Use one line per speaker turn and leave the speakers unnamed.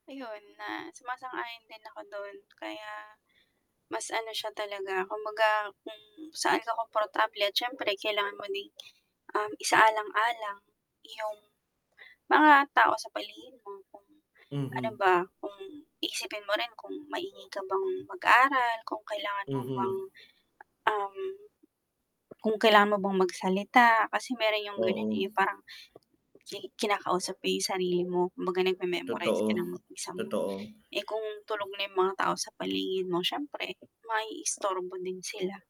Ayun na sumasang-ayon din ako dun kaya mas ano siya talaga kumbaga kung saan ka komportable at siyempre kailangan mo ding, um, isaalang-alang yung mga tao sa paligid mo kung ano
Mm.
ba, kung iisipin mo rin kung maingay ka bang mag-aaral, kung kailangan mo bang,
Mm.
um, kung kailangan mo bang magsalita. Kasi meron yung ganyan, eh,
Oo.
parang ki kinakausap mo yung sarili mo, kumbaga nagme-memorize
Totoo,
ka ng mag-isa mo,
totoo.
eh kung tulog na yung mga tao sa paligid mo siyempre maiistorbo din sila.